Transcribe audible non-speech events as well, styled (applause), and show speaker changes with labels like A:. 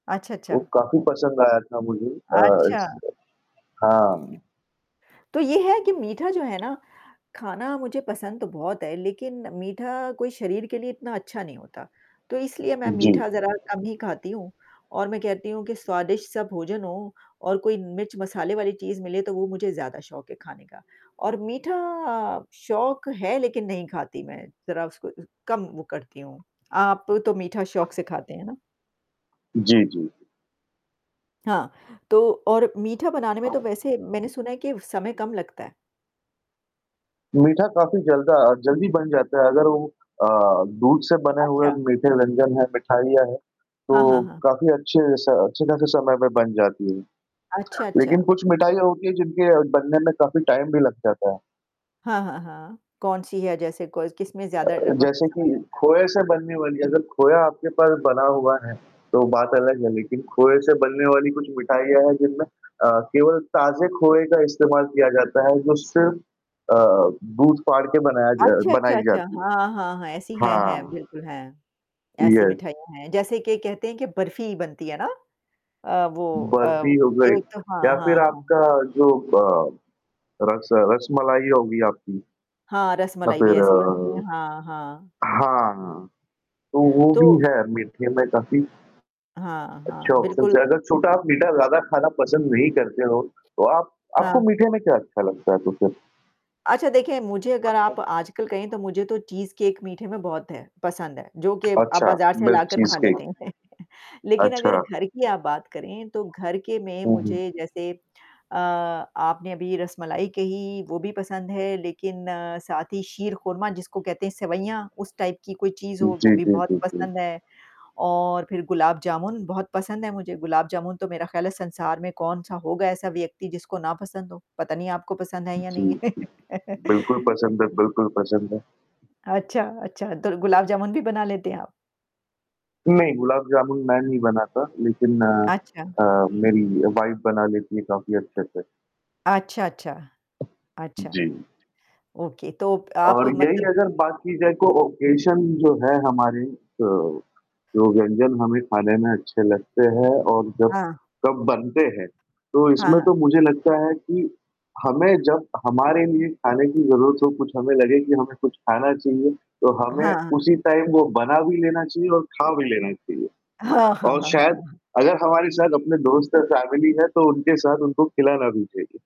A: अच्छा,
B: वो
A: अच्छा।
B: काफ़ी पसंद आया था मुझे अ,
A: अच्छा।
B: इस हाँ।
A: तो ये है कि मीठा जो है ना, खाना मुझे पसंद तो बहुत है, लेकिन मीठा कोई शरीर के लिए इतना अच्छा नहीं होता, तो इसलिए मैं
B: जी।
A: मीठा ज़रा कम ही खाती हूँ। और मैं कहती हूँ कि स्वादिष्ट सा भोजन हो और कोई मिर्च-मसाले वाली चीज़ मिले तो वो मुझे ज़्यादा शौक है खाने का और मीठा शौक है लेकिन नहीं खाती मैं, ज़रा उसको कम वो करती हूँ। आप तो मीठा शौक से खाते हैं ना?
B: जी, जी।
A: हाँ, तो और मीठा बनाने में तो
B: हाँ।
A: वैसे मैंने सुना है कि समय कम लगता है।
B: मीठा काफ़ी जल्द अ, जल्दी बन जाता है अगर वो अ, दूध से बने हुए
A: अच्छा।
B: मीठे व्यंजन है, मिठाइयाँ है,
A: हाँ,
B: तो
A: हाँ, हाँ।
B: काफ़ी अच्छे स अच्छे-खासे समय में बन जाती है,
A: अच्छा,
B: लेकिन
A: अच्छा।
B: कुछ मिठाइयाँ होती हैं जिनके बनने में काफ़ी टाइम भी लग जाता है।
A: हाँ, हाँ, हाँ। कौन-सी है जैसे को किसमें
B: अ,
A: ज़्यादा वक़्त,
B: जैसे कि
A: समय लगता है?
B: खोए से बनने वाली अगर खोया आपके पास बना हुआ है, तो बात अलग है लेकिन खोए से बनने वाली कुछ मिठाइयाँ हैं जिनमें अ, केवल ताज़े खोए का इस्तेमाल किया जाता है, जो सिर्फ़ अ, दूध फाड़ के बनाया ज
A: अच्छा,
B: बनाई
A: अच्छा, अच्छा,
B: जाती है।
A: हाँ, हाँ, हाँ, ऐसी हैं, हैं,
B: हाँ।
A: बिल्कुल हैं। ऐसी
B: यस।
A: मिठाइयाँ हैं। जैसे कि कहते हैं कि बर्फी बनती है ना? अ, वो अ,
B: बर्फी हो गई
A: एक तो हाँ,
B: या फ़िर
A: हाँ, हाँ।
B: आपका जो अ, रस रसमलाई होगी आपकी
A: हाँ,
B: या
A: रसमलाई भी
B: फ़िर
A: ऐसी बनती
B: अ,
A: है। हाँ, हाँ।
B: हाँ तो वो भी
A: तो
B: है मीठे में काफ़ी
A: हाँ,
B: अच्छा
A: हाँ।
B: ऑप्शन्स
A: बिल्कुल।
B: है, अगर छोटा आप मीठा ज़्यादा खाना पसंद नहीं करते हो। तो आप आपको
A: हाँ।
B: मीठे में क्या अच्छा लगता है कुछ?
A: अच्छा, देखिए मुझे अगर आप आजकल कहें तो मुझे तो चीज़ केक मीठे में बहुत है पसंद है, जो कि आप
B: अच्छा,
A: बाज़ार से
B: मिल्क
A: लाकर
B: चीज़
A: खा
B: केक।
A: लेते हैं। (chuckles) लेकिन अगर
B: अच्छा।
A: घर की आप बात करें तो घर के में
B: हुँ, हुँ।
A: मुझे जैसे अ, आपने अभी रसमलाई कही वो भी पसंद है, लेकिन साथ ही शीरखुरमा जिसको कहते हैं सेवइयाँ उस टाइप की कोई चीज़ हो वो
B: जी,
A: भी
B: जी,
A: बहुत
B: जी, जी।
A: पसंद है और फ़िर गुलाब-जामुन बहुत पसंद है मुझे। गुलाब-जामुन तो मेरा ख़याल है संसार में कौन-सा होगा ऐसा व्यक्ति जिसको ना पसंद हो? पता नहीं आपको पसंद है या
B: जी,
A: नहीं
B: जी।
A: है।
B: बिल्कुल
A: (chuckles)
B: पसंद है बिल्कुल पसंद है।
A: अच्छा, अच्छा, तो गुलाब जामुन भी बना लेते हैं आप?
B: नहीं, गुलाब जामुन मैं नहीं बनाता। लेकिन अ
A: अच्छा।
B: अ, मेरी वाइफ बना लेती है काफ़ी अच्छे से।
A: अच्छा, अच्छा, अच्छा।
B: जी।
A: ओके तो आप
B: और यही
A: मतलब
B: अगर बात की जाए कोई ओकेज़न जो है हमारे अ, जो व्यंजन हमें खाने में अच्छे लगते हैं और जब
A: हाँ।
B: कब बनते हैं। तो
A: हाँ,
B: इसमें
A: हाँ।
B: तो मुझे लगता है कि हमें जब हमारे लिए खाने की ज़रूरत हो कुछ हमें लगे कि हमें कुछ खाना चाहिए, तो हमें
A: हाँ।
B: उसी टाइम वो बना भी लेना चाहिए और खा भी लेना चाहिए।
A: हाँ, हाँ,
B: और
A: हाँ, हाँ,
B: शायद
A: हाँ।
B: अगर हमारे साथ अपने दोस्त और फैमिली हैं तो उनके साथ उनको खिलाना भी चाहिए।